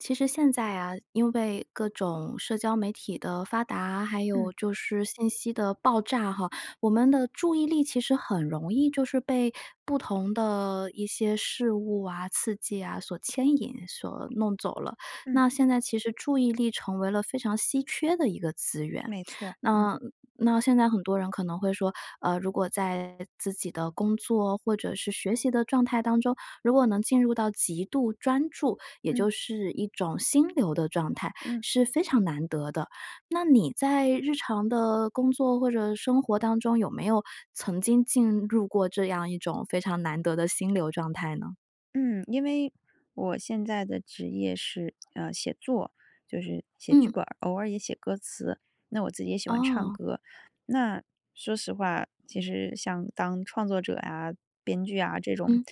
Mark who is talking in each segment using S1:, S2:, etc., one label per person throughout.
S1: 其实现在啊，因为各种社交媒体的发达，还有
S2: 嗯。
S1: 就是信息的爆炸哈，我们的注意力其实很容易就是被不同的一些事物啊、刺激啊，所牵引、所弄走了。
S2: 嗯。
S1: 那现在，其实注意力成为了非常稀缺的一个资源。
S2: 没错儿，嗯。
S1: 那那现在很多人可能会说，呃，如果在自己的工作或者是学习的状态当中，如果能进入到极度专注，也
S2: 嗯。
S1: 就是一种心流的状态，
S2: 嗯。
S1: 是非常难得的。那你在日常的工作或者生活当中，有没有曾经进入过这样一种非常难得的心流状态呢？
S2: 嗯，因为我现在的职业是呃，写作。就是写剧
S1: 嗯。
S2: 本儿，偶尔也写歌词。那我自己也喜欢唱
S1: 哦。
S2: 歌，那说实话，其实像当创作者啊、编剧啊这种，
S1: 嗯。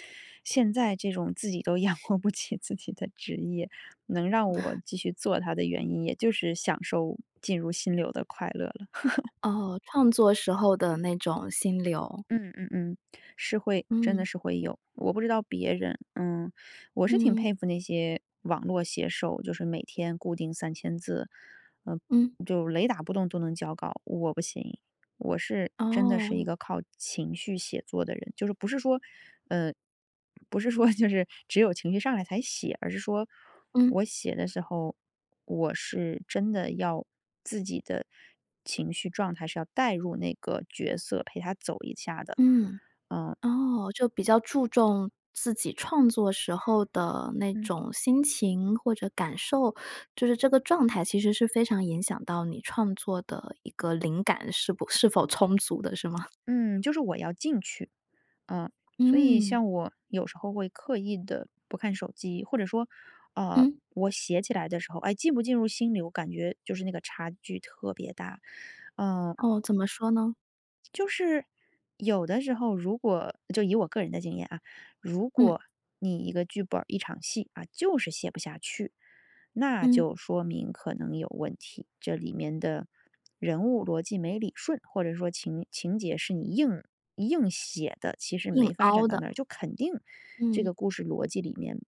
S2: 现在这种自己都养活不起自己的职业，能让我继续做它的原因也就是享受进入心流的快乐了。
S1: 哦，创作时候的那种心流。
S2: 嗯嗯嗯，是会真的
S1: 嗯。
S2: 是会有。我不知道别人，嗯，我是挺
S1: 嗯。
S2: 佩服那些网络写手，就是每天固定3000字，呃
S1: 嗯。
S2: 就雷打不动都能交稿。我不行，我是真的是一
S1: 哦。
S2: 个靠情绪写作的人。就是不是说，呃，不是说就是只有情绪上来才写，而是说
S1: 嗯。
S2: 我写的时候，我是真的要自己的情绪状态是要带入那个角色，陪他走一下的，
S1: 嗯，
S2: 嗯。
S1: 哦，就比较注重自己创作时候的那
S2: 嗯。
S1: 种心情，或者感受。就是这个状态，其实是非常影响到你创作的一个灵感是不是否充足的，是吗？
S2: 嗯，就是我要进去。啊，所以
S1: 嗯。
S2: 像我有时候会刻意地不看手机，或者说，呃，
S1: 嗯。
S2: 我写起来的时候，哎，进不进入心里，我感觉就是那个差距特别大。嗯。
S1: 哦，怎么说呢？
S2: 就是有的时候，如果就以我个人的经验啊，如
S1: 嗯。
S2: 果你一个剧本儿一场戏啊，就是写不下去那
S1: 嗯。
S2: 就说明可能有问题。这里面的人物逻辑没理顺，或者说情情节是你硬硬写的，其实
S1: 硬
S2: 没发
S1: 凹
S2: 展到
S1: 的。
S2: 那儿，就肯定这
S1: 嗯。
S2: 个故事逻辑里面，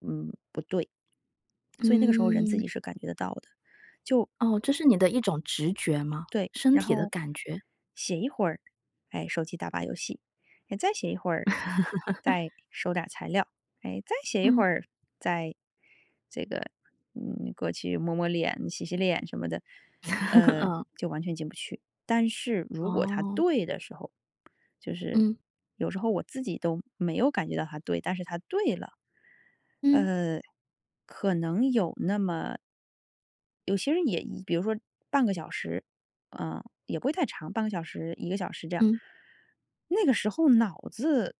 S2: 嗯，不对。所以那个时候人自
S1: 嗯。
S2: 己是感觉得到的，就
S1: 哦，这是你的一种直觉吗？
S2: 对，
S1: 身
S2: 然
S1: 体的
S2: 后
S1: 感觉？
S2: 写一会儿，诶，手机打把游戏。诶，再写一会儿，再 收点儿材料。诶，再写一会
S1: 嗯。
S2: 儿，再这个，嗯，过去摸摸脸、洗洗脸什么的，呃
S1: 嗯。
S2: 就完全进不去。但是如果它
S1: 哦。
S2: 对的时候，就是
S1: 嗯。
S2: 有时候我自己都没有感觉到它对，但是它对了。
S1: 嗯。
S2: 呃，可能有那么有些人也一比如说半个小时，呃，也不会太长，半个小时、1个小时这样。
S1: 嗯。
S2: 那个时候脑子，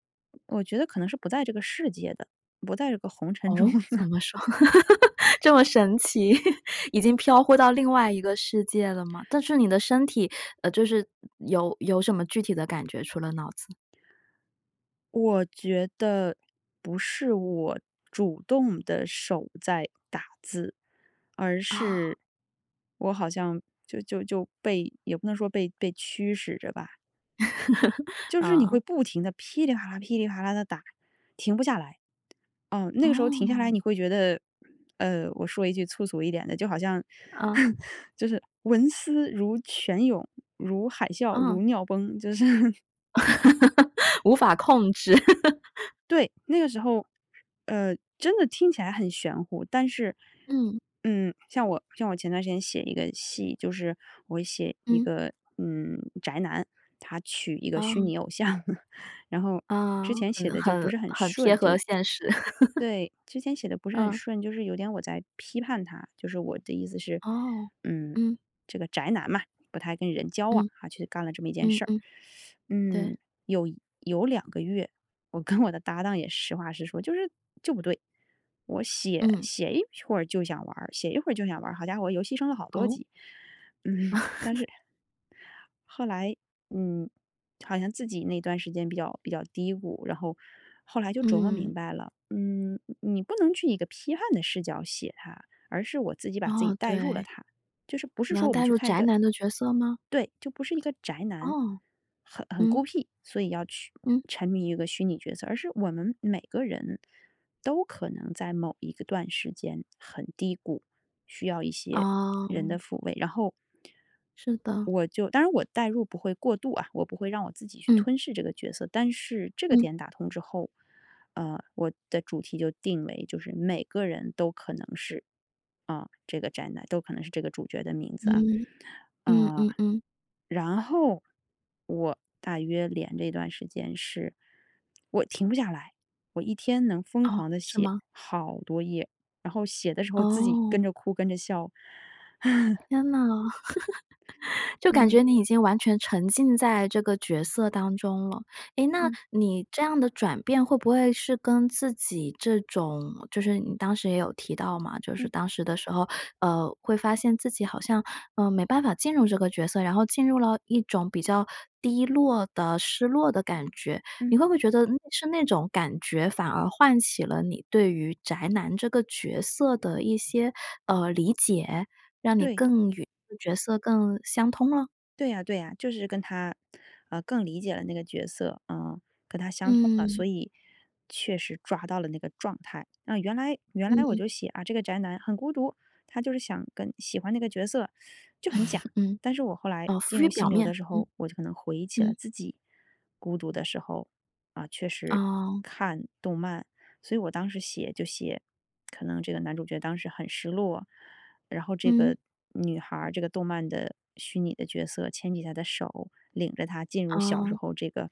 S2: 我觉得可能是不在这个世界的，不在这个红尘中
S1: 哦，怎
S2: 的。
S1: 么说？这么神奇，已经飘忽到另外一个世界了吗？但是你的身体，呃，就是有，有什么具体的感觉，除了脑子？
S2: 我觉得不是我主动地手在打字，而
S1: 啊。
S2: 是，我好像就就就被也不能说被被驱使着吧。就是你会
S1: 嗯。
S2: 不停地噼里啪啦，噼里啪啦地打，停不下来。嗯，那个时候停下来
S1: 哦。
S2: 你会觉得，呃，我说一句粗俗一点的，就好像，
S1: 嗯。
S2: 就是文思如泉涌、如海啸、如
S1: 嗯。
S2: 尿崩，就是
S1: 无法控制。
S2: 对，那个时候，呃，真的听起来很玄乎，但是，
S1: 嗯。
S2: 嗯，像我，像我前段时间写一个戏，就是我写一
S1: 嗯。
S2: 个，嗯，宅男，他娶一个虚
S1: 啊。
S2: 拟偶像。然后
S1: 啊，
S2: 之前写
S1: 很
S2: 得就不
S1: 很
S2: 是很
S1: 很贴
S2: 顺，就
S1: 合现实。
S2: 对，之前写得不是很
S1: 嗯。
S2: 顺，就是有点我在批判他，就是我的意思是，
S1: 哦，
S2: 嗯，
S1: 嗯。
S2: 这个宅男嘛，不太跟人交往，
S1: 嗯。
S2: 啊，去干了这么一件
S1: 嗯，
S2: 事儿。
S1: 嗯。对。
S2: 嗯，有有2个月我跟我的搭档也实话实说，就是，就不对。我写，
S1: 嗯。
S2: 写一会儿就想玩儿，写一会儿就想玩儿，好家伙游戏升了好多
S1: 哦。
S2: 级。嗯，但是 后来，嗯，好像自己那段时间比较比较低谷。然后，后来就琢磨
S1: 嗯。
S2: 明白了，嗯，你你不能去以一个批判的视角写他，而是我自己把自己
S1: 哦，
S2: 带入了
S1: 对。
S2: 他，就是不是
S1: 你要
S2: 说我们
S1: 代
S2: 去
S1: 入
S2: 看一
S1: 宅
S2: 个
S1: 男的角色吗？
S2: 对，就不是一个宅男，
S1: 哦，
S2: 很很孤
S1: 嗯。
S2: 僻，所以要去
S1: 嗯。
S2: 沉迷一个虚拟角色，而是我们每个人都可能在某一个段时间很低谷，需要一些人的
S1: 哦。
S2: 抚慰。然后
S1: 是的。
S2: 我就，当然我代入不会过度啊，我不会让我自己去
S1: 嗯。
S2: 吞噬这个角色。但是这个
S1: 嗯。
S2: 点打通之后，呃，我的主题就定为就是每个人都可能是，啊，这个宅男，都可能是这个主角的名字啊。
S1: 嗯。嗯，
S2: 呃，
S1: 嗯，嗯。
S2: 然后我大约连着一段时间是，我停不下来，我一天能疯
S1: 哦，
S2: 狂地
S1: 是
S2: 写
S1: 吗？
S2: 好多页，然后写的时候自己跟
S1: 哦。
S2: 着哭、跟着笑。
S1: 天呐，就感
S2: 嗯。
S1: 觉你已经完全沉浸在这个角色当中了。诶，那
S2: 嗯。
S1: 你这样的转变会不会是跟自己这种就是你当时也有提到嘛，就
S2: 嗯。
S1: 是当时的时候，呃，会发现自己好像，呃，没办法进入这个角色，然后进入了一种比较低落的、失落的感觉。你
S2: 嗯。
S1: 会不会觉得是那种感觉，反而唤起了你对于宅男这个角色的一些，呃，理解？让你
S2: 对。
S1: 更与这个角色更相通了？
S2: 对啊，对啊，就是跟他，呃，更理解了那个角色，呃，跟他相通了，
S1: 嗯。
S2: 所以确实抓到了那个状态。那原来原来我
S1: 嗯。
S2: 就写，啊，这个宅男很孤独，他就是想跟喜欢那个角色 就很假。
S1: 嗯，
S2: 但是我后来
S1: 哦，浮
S2: 进
S1: 于
S2: 入
S1: 表
S2: 心流的
S1: 面，
S2: 时
S1: 嗯，
S2: 候，我可能回忆起了
S1: 嗯。
S2: 自己孤独的时候，啊，确实
S1: 哦。
S2: 看动漫。所以我当时写就写 可能这个男主角当时很失落，然后这
S1: 嗯。
S2: 个女孩儿，这个动漫的虚拟的角色，牵起他的手，领着他进入小时
S1: 嗯。
S2: 候这个，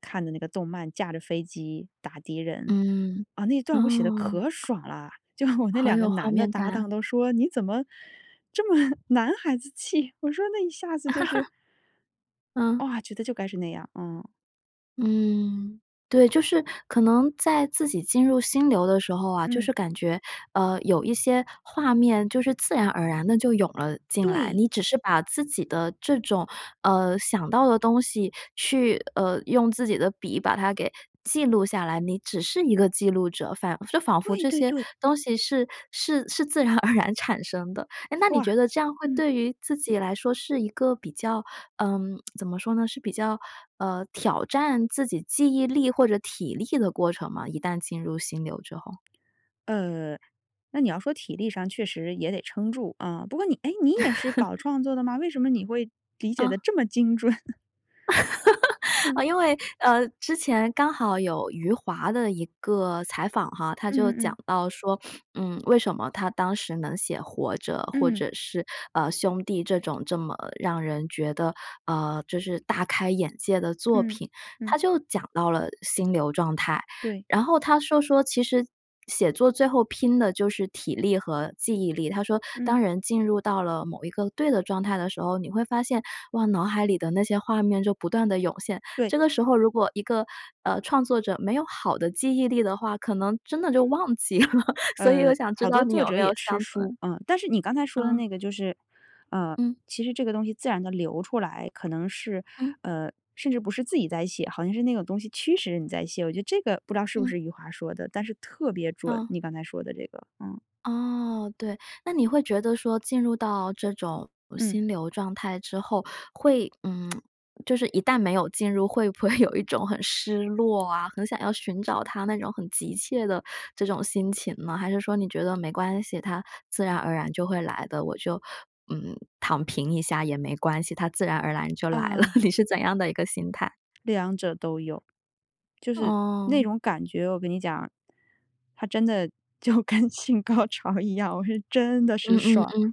S2: 看的那个动漫，驾着飞机打敌人。
S1: 嗯，
S2: 啊，那段儿我写得
S1: 哦。
S2: 可爽啦，就我那
S1: 好
S2: 2个
S1: 有画
S2: 男的
S1: 面感
S2: 搭
S1: 啊。
S2: 档都说你怎么这么男孩子气，我说那一下子就是
S1: 嗯。
S2: 哇，觉得就该是那样。嗯。
S1: 嗯，对。就是可能在自己进入心流的时候啊，就
S2: 嗯。
S1: 是感觉，呃，有一些画面就是自然而然地就涌了进来。
S2: 对。
S1: 你只是把自己的这种，呃，想到的东西去，呃，用自己的笔把它给记录下来，你只是一个记录者。反是仿佛
S2: 对
S1: 这
S2: 对
S1: 些
S2: 对。
S1: 东西是是是自然而然产生的。诶，那你
S2: 哇，
S1: 觉得这样会
S2: 嗯。
S1: 对于自己来说是一个比较，呃，怎么说呢？是比较，呃，挑战自己记忆力或者体力的过程吗，一旦进入心流之后？
S2: 呃，那你要说体力上确实也得撑住，啊，不过你诶，你也是搞 创作的吗？为什么你会理解地
S1: 啊。
S2: 这么精准？嗯。
S1: 哦，因为呃，之前刚好有余华的一个采访哈，他就
S2: 嗯嗯
S1: 讲
S2: 嗯。
S1: 到说，嗯，为什么他当时能写《活着》，或
S2: 嗯。
S1: 者是，呃，《兄弟》这种这么让人觉得，呃，就是大开眼界的作
S2: 嗯，
S1: 品。他
S2: 嗯。
S1: 就讲到了心流状态，
S2: 对。
S1: 然后他说说：“其实写作最后拼的就是体力和记忆力。”他说：“当
S2: 嗯。
S1: 人进入到了某一个对的状态的时候，你会发现，哇，脑海里的那些画面就不断地涌现。
S2: 对。
S1: 这个时候如果一个，呃，创作者没有好的记忆力的话，可能真的就忘记了。” 所以
S2: 呃，
S1: 我想知
S2: 好
S1: 道
S2: 多
S1: 你
S2: 作
S1: 有
S2: 者
S1: 没
S2: 也
S1: 有相
S2: 吃
S1: 同的
S2: 书，嗯，但是你刚才说的
S1: 嗯。
S2: 那个就是，呃，
S1: 嗯。
S2: 其实这个东西自然地流出来。可能是，
S1: 嗯。
S2: 呃，甚至不是自己在写，好像是那种东西驱使你在写。我觉得这个不知道是不是
S1: 嗯。
S2: 余华说的，但是特别准，
S1: 嗯。
S2: 你刚才说的这个，嗯。
S1: 哦，对。那你会觉得说进入到这种
S2: 嗯。
S1: 心流状态之后，会嗯，就是一旦没有进入，会不会有一种很失落啊，很想要寻找它那种很急切的这种心情呢？还是说你觉得没关系，它自然而然就会来的，我就，嗯，躺平一下也没关系，它自然而然就来了。
S2: 啊。
S1: 你是怎样的一个心态？
S2: 两者都有。就是那
S1: 哦。
S2: 种感觉我跟你讲，它真的就跟性高潮一样，我是真的
S1: 嗯
S2: 是
S1: 嗯
S2: 爽。
S1: 嗯，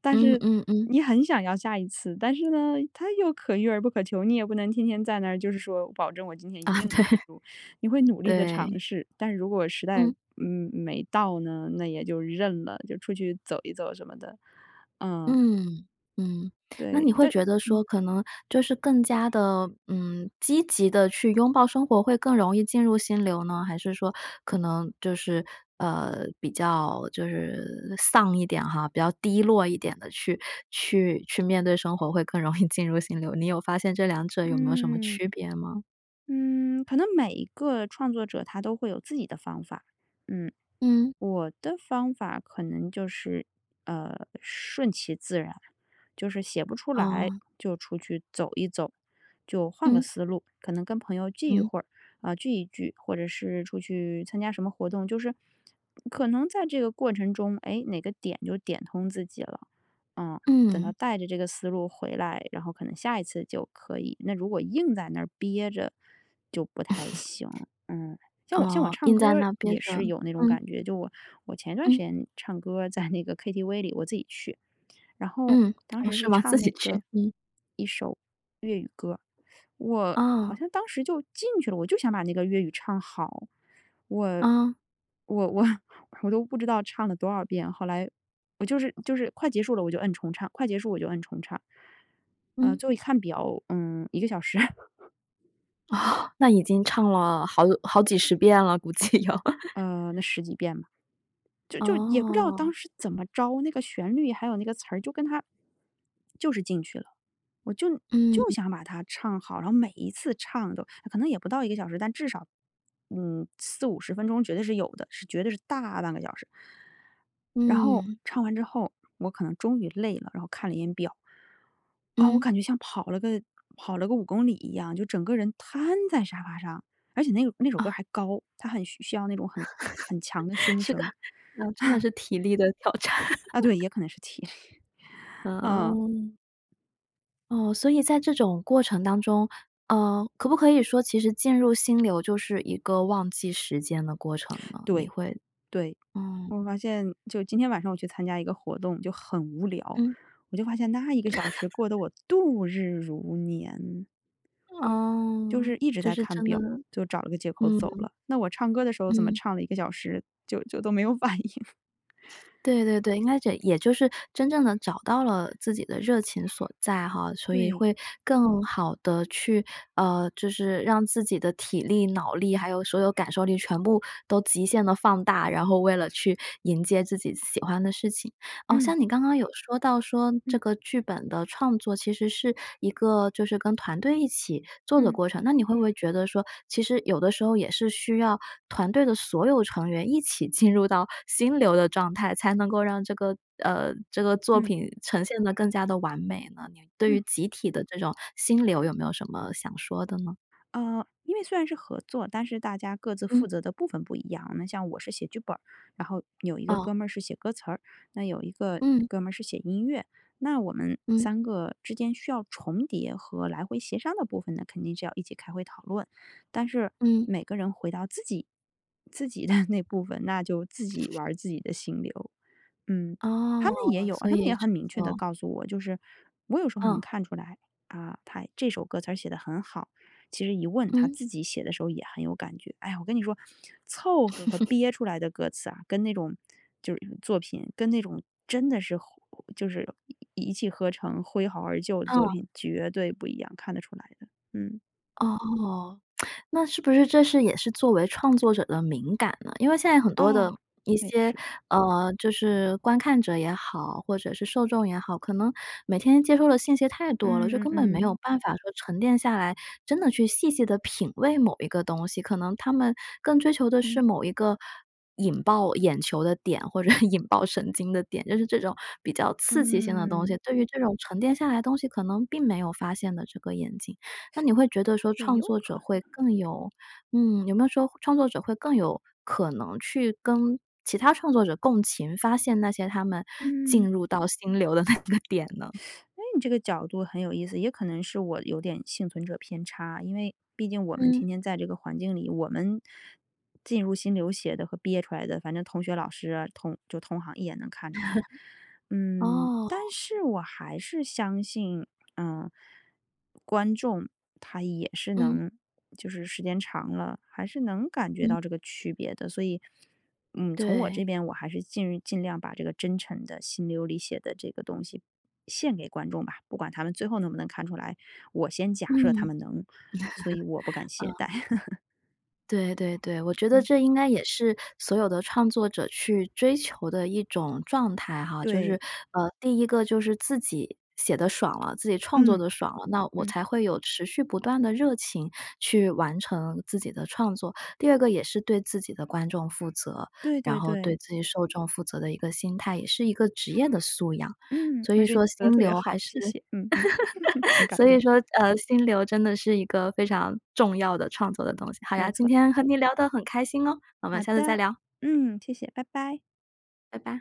S2: 但
S1: 嗯
S2: 是
S1: 嗯嗯。
S2: 你很想要下一次，但是呢，它又可遇而不可求。你也不能天天在那儿就是说保证我今天
S1: 啊，
S2: 一定能
S1: 对。
S2: 进入。你会努力地尝
S1: 对。
S2: 试，但是如果时代，
S1: 嗯。
S2: 嗯，没到呢，那也就认了，就出去走一走什么的。嗯。
S1: 嗯，嗯，那你
S2: 对，
S1: 会
S2: 但
S1: 觉得
S2: 嗯。
S1: 说可能就是更加地，嗯，积极地去拥抱生活会更容易进入心流呢？还是说可能就是，呃，比较就是丧一点哈，比较低落一点地去去去面对生活会更容易进入心流？你有发现这两者有没有什么
S2: 嗯。
S1: 区别吗？
S2: 嗯，可能每一个创作者他都会有自己的方法，嗯。
S1: 嗯。
S2: 我的方法可能就是，呃，顺其自然。就是写不出来
S1: 哦。
S2: 就出去走一走，就换个
S1: 嗯。
S2: 思路。可能跟朋友聚一
S1: 嗯。
S2: 会儿，啊，聚一聚，或者是出去参加什么活动。就是可能在这个过程中，诶，哪个点就点通自己了。啊。等到
S1: 嗯。
S2: 带着这个思路回来，然后可能下一次就可以。那如果硬在那儿憋着就不太 行，嗯。像我像我
S1: 哦，
S2: 唱
S1: 硬在
S2: 歌儿
S1: 那憋
S2: 也
S1: 着，
S2: 是有那种
S1: 嗯。
S2: 感觉，就我我前段时
S1: 嗯。
S2: 间唱歌儿在那个 KTV 里，我自己去。然后
S1: 嗯，
S2: 当
S1: 哦，
S2: 时
S1: 是
S2: 是
S1: 吗？自
S2: 唱那
S1: 己去
S2: 个，
S1: 嗯。
S2: 1首粤语歌儿，我好
S1: 哦。
S2: 像当时就进去了。我就想把那个粤语唱好，我，
S1: 嗯。
S2: 我我我都不知道唱了多少遍，后来我就是就是快结束了，我就摁重唱，快结束我就摁重唱，呃，
S1: 嗯。
S2: 最后一看表，嗯，1个小时。
S1: 那已经唱了好好几十遍了，估计有。
S2: 呃那十几遍吧。就就是也不知道当
S1: 哦。
S2: 时怎么着，那个旋律还有那个词儿，就跟它就是进去了。我就就
S1: 嗯。
S2: 想把它唱好，然后每一次唱都可能也不到1个小时，但至少嗯40- 50分钟绝对是有的，是绝对是大半个小时。然后
S1: 嗯。
S2: 唱完之后我可能终于累了，然后看了一眼表。啊，我
S1: 嗯。
S2: 感觉像跑了个跑了个5公里一样，就整个人瘫在沙发上，而且那个那首歌
S1: 哦。
S2: 儿还高，它很需需要那种很很强的 胸
S1: 是的，
S2: 声。
S1: 嗯真的 是体力的挑战。
S2: 啊对，也可能是体力。
S1: 啊
S2: 嗯。
S1: 哦。哦，所以在这种过程当中，呃，可不可以说其实进入心流就是一个忘记时间的过程呢，你
S2: 对，
S1: 会
S2: 对，
S1: 嗯。
S2: 我发现就今天晚上我去参加一个活动就很无聊，
S1: 嗯。
S2: 我就发现那1个小时过得 我度日如年。就
S1: 哦，
S2: 是一直
S1: 这
S2: 在
S1: 是
S2: 看
S1: 真的。
S2: 表，就找了个借口走
S1: 嗯。
S2: 了。那我唱歌的时候怎么
S1: 嗯。
S2: 唱了1个小时就就都没有反应。
S1: 对对对，那 这 也就是真正地找到了自己的热情所在哈，所以
S2: 对。
S1: 会更好地去啊，就是让自己的体力、脑力，还有所有感受力全部都极限地放大，然后为了去迎接自己喜欢的事情。啊，
S2: 嗯。
S1: 像你刚刚有说到说这
S2: 嗯。
S1: 个剧本的创作其实是一个就是跟团队一起做的
S2: 嗯。
S1: 过程，那你会不会觉得说，其实有的时候也是需要团队的所有成员一起进入到心流的状态，才能够让这个呃这个作
S2: 嗯。
S1: 品呈现得更加地完美呢？你对
S2: 嗯。
S1: 于集体的这种心流有没有什么想说的呢？
S2: 呃，因为虽然是合作，但是大家各自
S1: 嗯。
S2: 负责的部分不一样。那像我是写剧本儿，然后有一个
S1: 哦。
S2: 哥们儿是写歌词儿，那有一个
S1: 嗯。
S2: 哥们儿是写音乐。那我们
S1: 嗯。
S2: 3个之间需要重叠和来回协商的部分呢肯定是要一起开会讨论。但是
S1: 嗯。
S2: 每个人回到自己自己的那部分，那就自己玩儿自己的心流嗯。他们也
S1: 哦，
S2: 有啊，
S1: 所
S2: 他们
S1: 以
S2: 也很
S1: 成
S2: 明确地
S1: 了。
S2: 告诉我就是我有时候能
S1: 嗯。
S2: 看出来，啊，他这首歌词儿写得很好，其实一问他
S1: 嗯。
S2: 自己写的时候也很有感觉。哎呀，我跟你说凑合和 憋出来的歌词啊，跟那种就是作品跟那种真的是活就是一一气呵成、挥毫而就的作
S1: 嗯。
S2: 品绝对不一样，看得出来的，嗯。
S1: 哦，那是不是这是也是作为创作者的敏感呢？因为现在很多的
S2: 哦，
S1: 一
S2: 那也
S1: 些，
S2: 是。
S1: 呃，就是观看者也好，或者是受众也好，可能每天接受的信息太多了，就
S2: 嗯嗯
S1: 根本没
S2: 嗯。
S1: 有办法说沉淀下来，真的去细细地品味某一个东西。可能他们更追求的是
S2: 嗯。
S1: 某一个引爆眼球的点，或者 引爆神经的点，就是这种比较刺激性的东
S2: 嗯。
S1: 西，对于这种沉淀下来东西可能并没有发现的这个眼睛。那你会觉得说
S2: 也
S1: 创
S2: 有
S1: 作者
S2: 可
S1: 会
S2: 能。
S1: 更有嗯，有没有说创作者会更有可能去跟其他创作者共情发现那些他们进
S2: 嗯。
S1: 入到心流的那个点呢？
S2: 哎，你这个角度很有意思，也可能是我有点幸存者偏差。因为毕竟我们
S1: 嗯。
S2: 天天在这个环境里，我们进入心流写的和憋出来的，反正同学老师啊，同就同行一眼能看出来。嗯，
S1: 哦。
S2: 但是我还是相信，呃，观众他也是
S1: 嗯。
S2: 能就是时间长了，还是能感觉
S1: 嗯。
S2: 到这个区别的。所以，嗯，从我
S1: 对。
S2: 这边我还是尽尽量把这个真诚的心流里写的这个东西献给观众吧，不管他们最后能不能看出来，我先假设他
S1: 嗯。
S2: 们能，所以我不敢 懈
S1: 嗯。
S2: 怠。
S1: 对对对，我觉得
S2: 嗯。
S1: 这应该也是所有的创作者去追求的一种状态哈。就是，
S2: 对。
S1: 呃，第一个就是自己写得爽了，自己创作
S2: 嗯，
S1: 得爽了，那我
S2: 嗯。
S1: 才会有持续不断的热情去完成自己的创作；第二个也是对自己的观众负责，
S2: 对
S1: 然
S2: 对
S1: 后对
S2: 对。
S1: 自己受众负责的一个心态，也是一个职业的素养。
S2: 嗯，
S1: 所
S2: 而
S1: 以
S2: 且你
S1: 说
S2: 说得
S1: 心
S2: 特别
S1: 流还
S2: 好，
S1: 是
S2: 谢谢，嗯哼，很 感
S1: 所以
S2: 动。
S1: 说，呃，心流真的是一个非常重要的创作的东西。好呀，
S2: 没
S1: 今
S2: 错。
S1: 天和你聊得很开心哦，我们
S2: 好
S1: 下次再
S2: 的，
S1: 聊。
S2: 嗯，谢谢，拜拜。
S1: 拜拜。